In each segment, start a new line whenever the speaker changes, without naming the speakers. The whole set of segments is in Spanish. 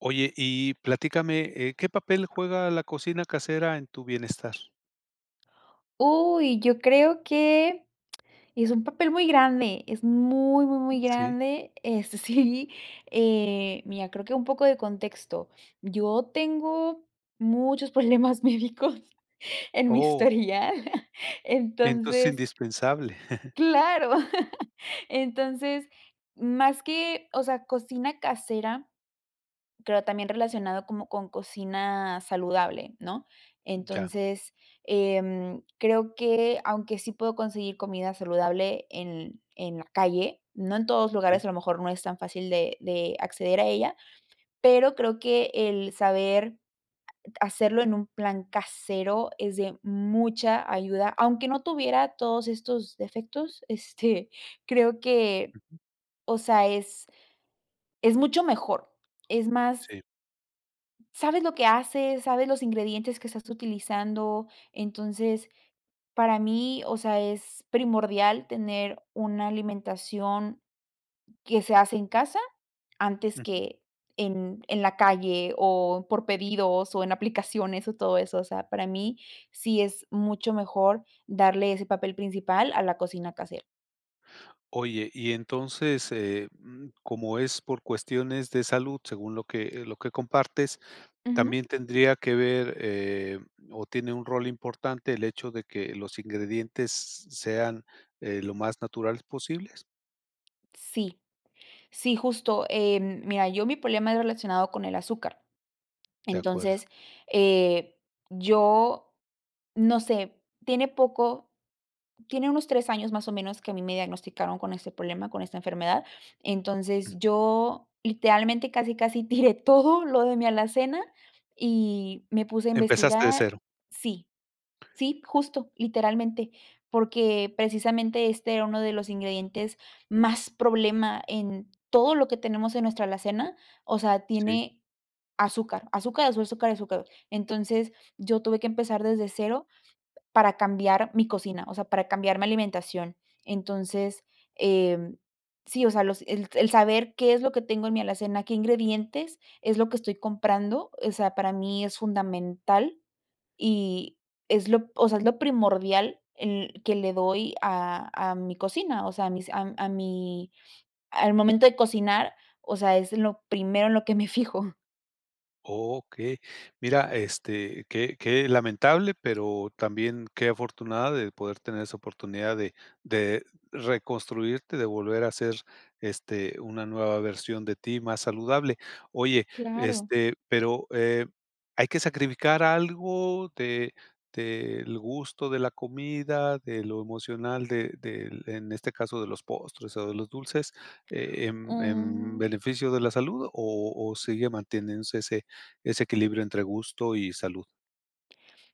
Oye, y platícame, eh, ¿qué papel juega la cocina casera en tu bienestar?
Uy, yo creo que es un papel muy grande, es muy, muy, muy,
Mm, sí.
grande, este, sí. Eh, mira, creo que un poco de contexto. Yo tengo muchos problemas médicos en mi
Oh.
historial
Entonces es
entonces.
indispensable.
Claro. Entonces, más que, o sea, cocina casera, pero también relacionado como con cocina saludable, ¿no?
Mm, ya.
Entonces, em, creo que aunque sí puedo conseguir comida saludable en en en la calle, no en todos lugares.
Sí.
A lo mejor no es tan fácil de de acceder a ella, pero creo que el saber hacerlo en un plan casero es de mucha ayuda. Aunque no tuviera todos estos defectos, este, creo que,
Ujú.
o sea, es es mucho mejor. Es más.
Sí.
Sabes lo que haces, sabes los ingredientes que estás utilizando. Entonces, para mí, o sea, es primordial tener una alimentación que se hace en casa antes
Ujú.
que en en la calle o por pedidos o en aplicaciones, o todo eso. O sea, para mí sí es mucho mejor darle ese papel principal a la cocina casera.
Oye, y entonces, eh, mm, como es por cuestiones de salud, según lo que eh, lo que compartes,
Ujú.
¿también tendría que ver, eh, o tiene un rol importante el hecho de que los ingredientes sean, eh, lo más naturales posibles?
Sí. Sí, justo. Em, mira, yo mi problema era relacionado con el azúcar.
De acuerdo.
Entonces, eh, yo, no sé, tiene poco tiene unos 3 años más o menos, que a mí me diagnosticaron con este problema, con esta enfermedad. Entonces,
Ujú.
yo, literalmente, casi, casi, tiré todo lo de mi alacena y me puse a
Empezaste de
investigar
cero.
sí. Sí, justo. Literalmente, porque, precisamente, este era uno de los ingredientes más problema en todo lo que tenemos en nuestra alacena, o sea,
Sí.
tiene azúcar, azúcar, azúcar, azúcar. Entonces, yo tuve que empezar desde cero, para cambiar mi cocina, o sea, para cambiar mi alimentación. Entonces, eh, sí, o sea, los el el saber qué es lo que tengo en mi alacena, qué ingredientes es lo que estoy comprando, o sea, para mí es fundamental y es lo, o sea, es lo primordial en que le doy a a mi cocina, o sea, a mis a a mi al momento de cocinar, o sea, es lo primero en lo que me fijo.
Okey. Mira, este, qué qué lamentable, pero también qué afortunada de poder tener esa oportunidad de de reconstruirte, de volver a hacer este, una nueva versión de ti más saludable. Oye
Claro.
este pero eh, ¿hay que sacrificar algo de del gusto de la comida, de lo emocional de del en este caso de los postres o de los dulces? Eh, em, ¿en
Mm.
beneficio de la salud o o sigue manteniéndose ese ese equilibrio entre gusto y salud?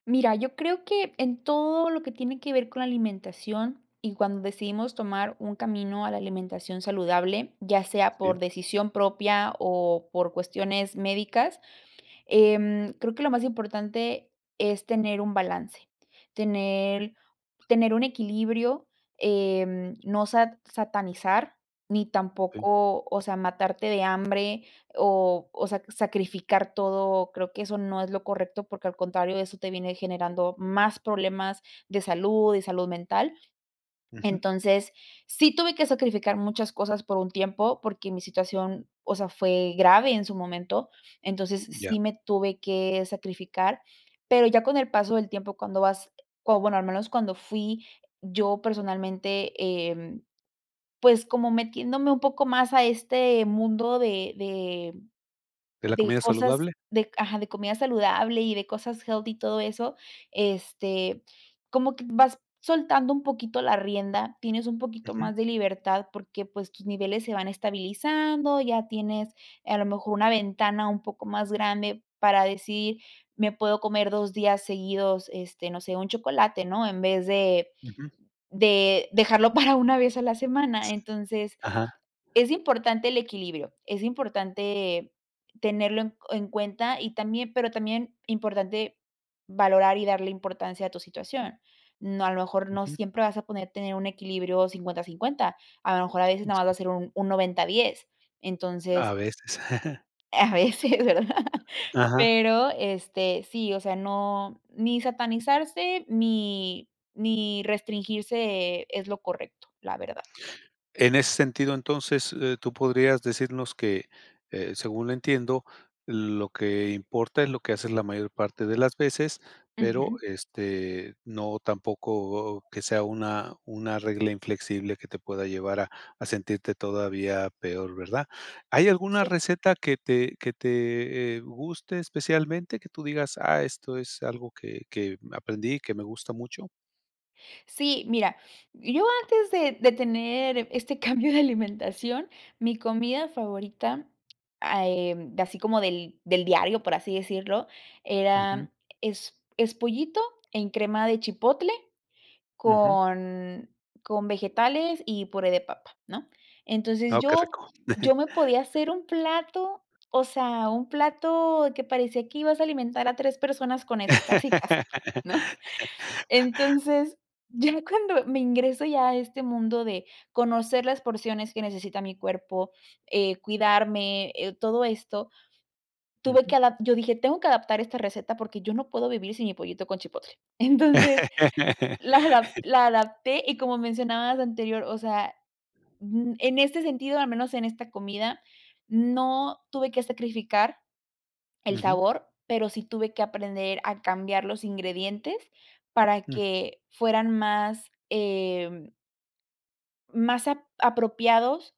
Mira, yo creo que en todo lo que tiene que ver con la alimentación y cuando decidimos tomar un camino a la alimentación saludable, ya sea por
Sí.
decisión propia o por cuestiones médicas, eh, mm, creo que lo más importante es tener un balance, tener tener un equilibrio, eh, no sa satanizar, ni
Sí.
tampoco, o sea, matarte de hambre o o sea, sacrificar todo. Creo que eso no es lo correcto, porque al contrario eso te viene generando más problemas de salud, de salud mental.
Ujú.
Entonces, sí tuve que sacrificar muchas cosas por un tiempo, porque mi situación, o sea, fue grave en su momento. Entonces,
Ya.
sí me tuve que sacrificar. Pero ya con el paso del tiempo cuando vas o bueno al menos cuando fui yo personalmente, em, pues como metiéndome un poco más a este mundo de de
De la
de
comida
cosas
saludable.
de ajá, de comida saludable y de cosas healthy y todo eso, este, como que vas soltando un poquito la rienda. Tienes un poquito
Ujú.
más de libertad porque, pues, tus niveles se van estabilizando, ya tienes, a lo mejor, una ventana un poco más grande para decir, me puedo comer 2 días seguidos, este, no sé, un chocolate, ¿no? En vez de
Ujú.
de dejarlo para una vez a la semana. Entonces,
Ajá.
es importante el equilibrio, es importante tenerlo en en cuenta y también pero también importante valorar y darle importancia a tu situación. No a lo mejor no
Ujú.
siempre vas a poder tener un equilibrio 50, 50. A lo mejor a veces nada más va a ser un un 90, 10. Entonces.
A veces.
A veces, ¿verdad?
Ajá.
Pero, este, sí. O sea, no ni satanizarse ni ni restringirse es lo correcto, la verdad.
En ese sentido, entonces, eh, tú podrías decirnos que eh, según lo entiendo, lo que importa es lo que haces la mayor parte de las veces, pero,
Ujú.
este, no tampoco que sea una una regla inflexible que te pueda llevar a a sentirte todavía peor, ¿verdad? ¿Hay alguna
Sí.
receta que te que te, eh, guste especialmente, que tú digas, ah, esto es algo que que aprendí, que me gusta mucho?
Sí, mira, yo antes de de tener este cambio de alimentación, mi comida favorita, eh mm, así como del del diario, por así decirlo,
Ujú.
era es es pollito en crema de chipotle
Ujú.
con con vegetales y puré de papa, ¿no? Entonces
Oh, qué
yo
rico.
yo me podía hacer un plato, o sea, un plato que parecía que ibas a alimentar a 3 personas con eso, casi casi, ¿no? Entonces, ya cuando me ingreso ya a este mundo de conocer las porciones que necesita mi cuerpo, eh, cuidarme, todo esto, tuve que
Ujú.
ada yo dije, tengo que adaptar esta receta porque yo no puedo vivir sin mi pollito con chipotle. Entonces, la adap la adapté y como mencionabas anterior, o sea, ujú. En este sentido, al menos en esta comida, no tuve que sacrificar el
Ujú.
sabor, pero sí tuve que aprender a cambiar los ingredientes para
Mm.
que fueran más, eh más a apropiados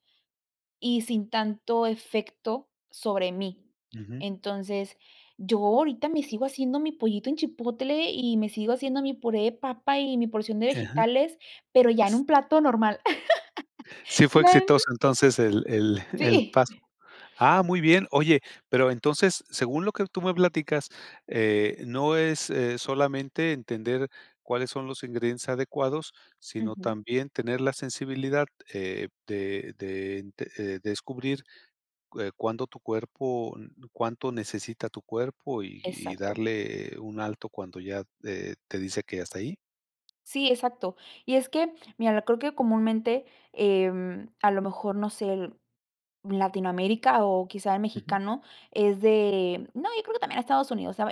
y sin tanto efecto sobre mí.
Ujú.
Entonces, yo ahorita me sigo haciendo mi pollito en chipotle y me sigo haciendo mi puré de papa y mi porción de
Ajá.
vegetales, pero ya en un plato normal.
¿Sí fue
[unintelligible]
exitoso entonces el el el
Sí.
paso? Ah, muy bien. Oye, pero entonces, según lo que tú me platicas, eh, no es, eh, solamente entender cuáles son los ingredientes adecuados, sino
Ujú.
también tener la sensibilidad, eh, de de, eh, descubrir cuá cuándo tu cuerpo cuánto necesita tu cuerpo y y
Exacto.
darle un alto cuando ya, eh, te dice que ya está ahí.
Sí, exacto. Y es que mira, creo que comúnmente, em, a lo mejor, no sé, Latinoamérica o quizá el
Ujú.
mexicano es de no, yo creo también a Estados Unidos, o sea,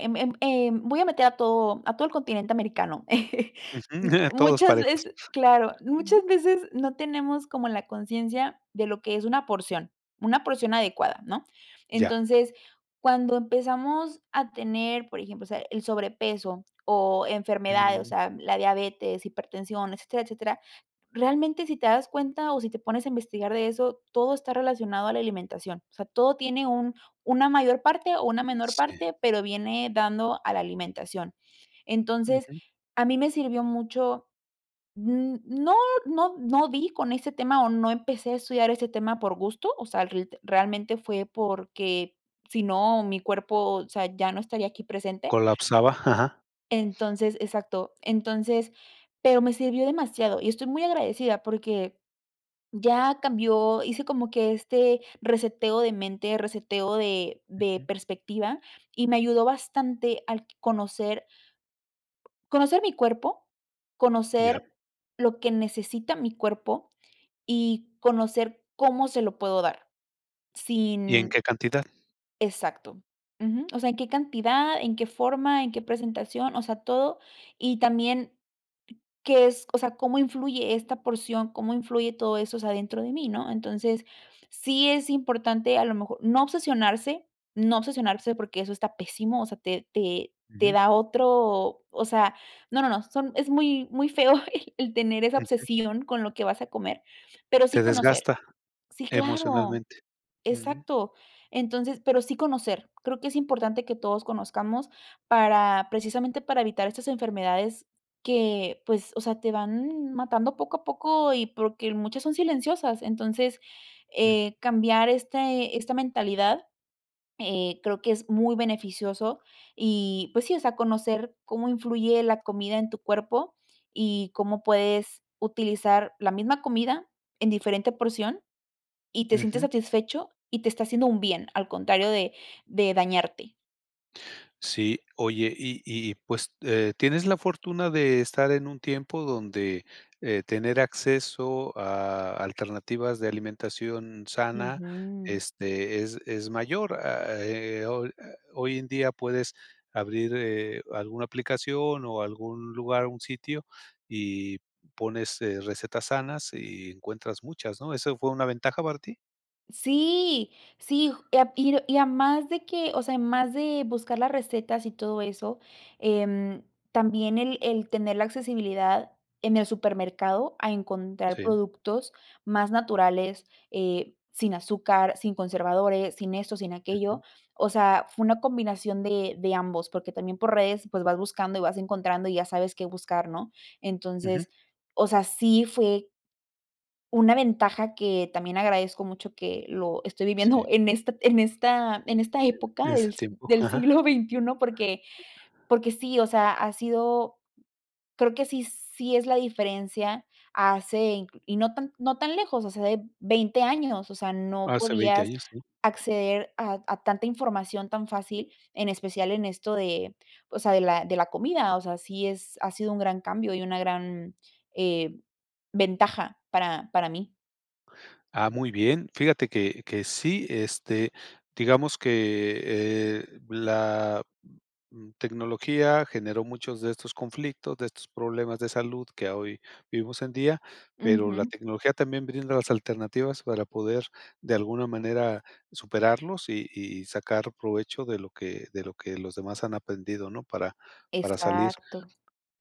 voy a meter a todo a todo el continente americano.
Ujú. Todos
Muchas
parejos.
veces claro, muchas veces no tenemos como la conciencia de lo que es una porción. Una porción adecuada, ¿no?
Ya.
Entonces, cuando empezamos a tener, por ejemplo, o sea, el sobrepeso o enfermedades, o
Mm.
sea, la diabetes, hipertensión, etcétera, etcétera, realmente si te das cuenta o si te pones a investigar de eso, todo está relacionado a la alimentación. O sea, todo tiene un una mayor parte o una menor
Sí.
parte, pero viene dando a la alimentación. Entonces,
Ujú.
a mí me sirvió mucho Mm, no, no no di con ese tema o no empecé a estudiar ese tema por gusto, o sea, el realmente fue porque si no mi cuerpo o sea, ya no estaría aquí presente.
Colapsaba. Ajá.
Entonces exacto. Entonces pero me sirvió demasiado y estoy muy agradecida porque ya cambió hice como que este reseteo de mente, reseteo de de
Ujú.
perspectiva, y me ayudó bastante al conocer conocer mi cuerpo.
Ya.
Conocer lo que necesita mi cuerpo y conocer cómo se lo puedo dar
¿Y en
sin
qué cantidad?
exacto, ujú. O sea, en qué cantidad, en qué forma, en qué presentación. O sea, todo y también qué es, o sea cómo influye esta porción, cómo influye todo eso, o sea dentro de mí, ¿no? Entonces sí es importante a lo mejor no obsesionarse no obsesionarse porque eso está pésimo, o sea te te
Ujú.
da otro o sea no, no, no. Son es muy muy feo el tener esa
Ujú.
obsesión con lo que vas a comer pero sí
Te
conocer.
desgasta,
Sí, claro.
emocionalmente. Mm.
Exacto. Entonces, pero sí conocer. Creo que es importante que todos conozcamos para precisamente para evitar estas enfermedades que, pues, o sea, te van matando poco a poco y porque muchas son silenciosas. Entonces,
Mm.
eh, cambiar este esta mentalidad, eh, creo que es muy beneficioso y pues sí. O sea, conocer cómo influye la comida en tu cuerpo y cómo puedes utilizar la misma comida en diferente porción y te sientes
Ujú.
satisfecho y te está haciendo un bien, al contrario de de dañarte.
Sí. Oye, y y pues, eh, tienes la fortuna de estar en un tiempo donde, eh, tener acceso a alternativas de alimentación sana,
Ujú.
este, es es mayor a, eh, ol eh, hoy en día puedes abrir, eh, alguna aplicación o algún lugar, un sitio y pones, eh, recetas sanas y encuentras muchas, ¿no? ¿Eso fue una ventaja, para ti?
Sí, sí, ju y ap y r y a demás de que, o sea, además de buscar las recetas y todo eso, em, también el el tener la accesibilidad en el supermercado a encontrar
Sí.
productos más naturales, eh, sin azúcar, sin conservadores, sin esto, sin aquello.
Ujú.
O sea, fue una combinación de de ambos, porque también por redes, pues, vas buscando y vas encontrando, y ya sabes qué buscar, ¿no?
Ujú.
Entonces, o sea, sí fue. Una ventaja que también agradezco mucho que lo estoy viviendo
Sí.
en esta en esta, en esta
En
época
ese
del si
tiempo,
del
ajá.
siglo XXI, porque porque sí, o sea, ha sido, creo que sí sí es la diferencia, hace incl y no tan c no tan lejos, o sea, de 20 años, o sea, no
Hace 20
podías
años, sí.
acceder a a tanta información tan fácil, en especial en esto de, o sea, de la de la comida, o sea, sí es ha sido un gran cambio y una gran, eh, ventaja para para mí.
Ah, muy bien. Fíjate que que sí, este, digamos que, eh, la, mm, tecnología generó muchos de estos conflictos, de estos problemas de salud que a hoy vivimos hoy en día, pero la
Ujú.
tecnología también brinda las alternativas para poder, de alguna manera, superarlos y y sacar provecho de lo que de lo que los demás han aprendido, ¿no?, para para salir.
Exacto.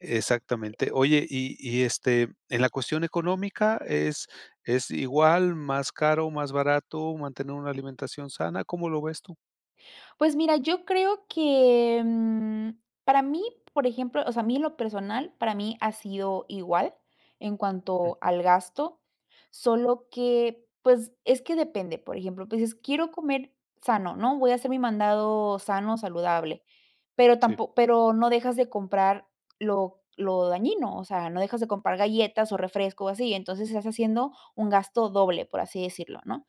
Exactamente. Oye, y y, este, en la cuestión económica, ¿es es igual, más caro, más barato, mantener una alimentación sana? ¿Cómo lo ves tú?
Pues mira, yo creo que, mm, para mí, por ejemplo, o sea, a mí en lo personal, para mí ha sido igual en cuanto
Ujú.
al gasto, solo que, pues, es que depende, por ejemplo, pues, dices, quiero comer sano, ¿no? Voy a hacer mi mandado sano, saludable, pero
Sí.
tampo pero no dejas de comprar lo lo dañino, o sea, no dejas de comprar galletas o refresco o así, y entonces, estás haciendo un gasto doble, por así decirlo, ¿no?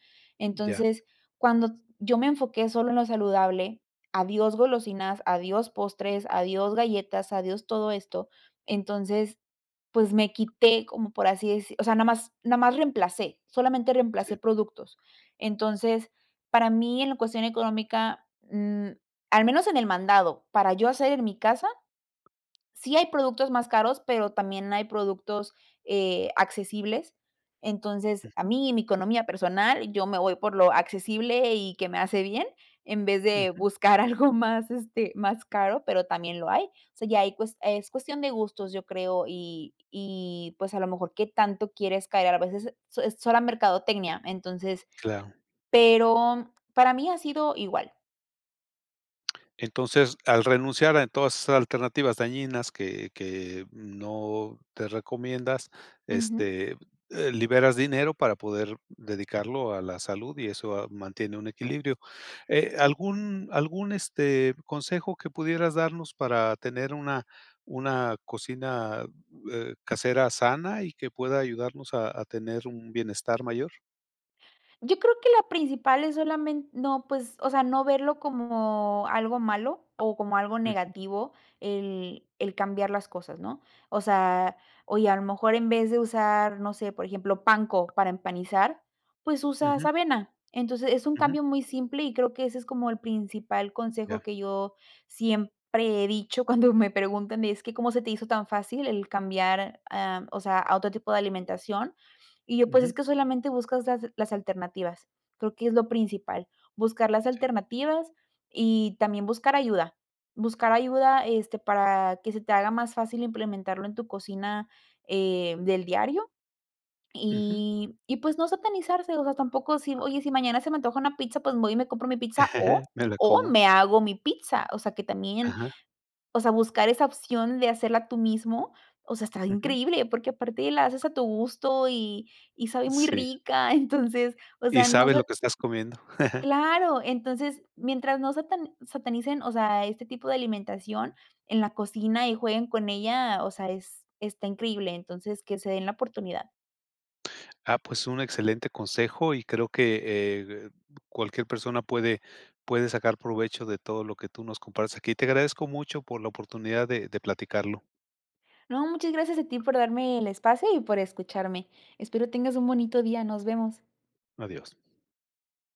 Ya.
Entonces, cuando yo me enfoqué solo en lo saludable, adiós golosinas, adiós postres, adiós galletas, adiós todo esto, entonces, pues, me quité, como por así deci o sea, nada más nada más reemplacé, solamente reemplacé
Sí.
productos. Entonces, para mí, en la cuestión económica, mm, al menos en el mandado, para yo hacer en mi casa, sí hay productos más caros, pero también hay productos, eh, accesibles. Entonces, a
Ujú.
mí, en mi economía personal, yo me voy por lo accesible y que me hace bien, en vez de
Ujú.
buscar algo más, este, más caro, pero también lo hay. O sea, ya ahí cues es cuestión de gustos, yo creo, y y, pues, a lo mejor, qué tanto quieres caer, a la vez, es es es sola mercadotecnia. Entonces
Claro.
pero para mí, ha sido igual.
Entonces, al renunciar a todas esas alternativas dañinas que que, mm, no te recomiendas,
Ujú.
este, eh, liberas dinero para poder dedicarlo a la salud, y eso a mantiene un equilibrio. Eh,
Sí.
¿algún algún, este, consejo que pudieras darnos para tener una una cocina, eh, casera sana y que pueda ayudarnos a a tener un bienestar mayor?
Yo creo que la principal es solamen no, pues, o sea, no verlo como algo malo o como algo
Ujú.
negativo el el cambiar las cosas, ¿no? O sea, oye, a lo mejor en vez de usar, no sé, por ejemplo, panko para empanizar, pues usas
Ujú.
avena. Entonces es un
Ujú.
cambio muy simple y creo que ese es como el principal consejo
Ya.
que yo siempre he dicho cuando me preguntan es que cómo se te hizo tan fácil el cambiar, em, o sea, a otro tipo de alimentación. Y yo, pues,
Ujú.
es que solamente buscas las las alternativas. Creo que es lo principal, buscar las
Sí.
alternativas y también buscar ayuda. Buscar ayuda, este, para que se te haga más fácil implementarlo en tu cocina, em, del diario
Ujú.
y y, pues, no satanizarse, o sea, tampoco si, oye, si mañana se me antoja una pizza, pues, voy y me compro mi pizza o
Me la
o
como.
me hago mi pizza. O sea, que también,
Ajá.
o sea, buscar esa opción de hacerla tú mismo, o sea, está
Ujú.
increíble. Porque aparte la haces a tu gusto y y sabe muy
Sí.
rica. Entonces, o
Y
sea, no
sabes lo
sé.
que estás comiendo.
Claro. Entonces mientras no satan satanicen, o sea, este tipo de alimentación en la cocina y jueguen con ella, o sea, es está increíble. Entonces, que se den la oportunidad.
Ah, pues un excelente consejo y creo que, eh, cualquier persona puede puede sacar provecho de todo lo que tú nos compartes aquí. Te agradezco mucho por la oportunidad de de platicarlo.
No, muchas gracias a ti por darme el espacio y por escucharme. Espero tengas un bonito día, nos vemos.
Adiós.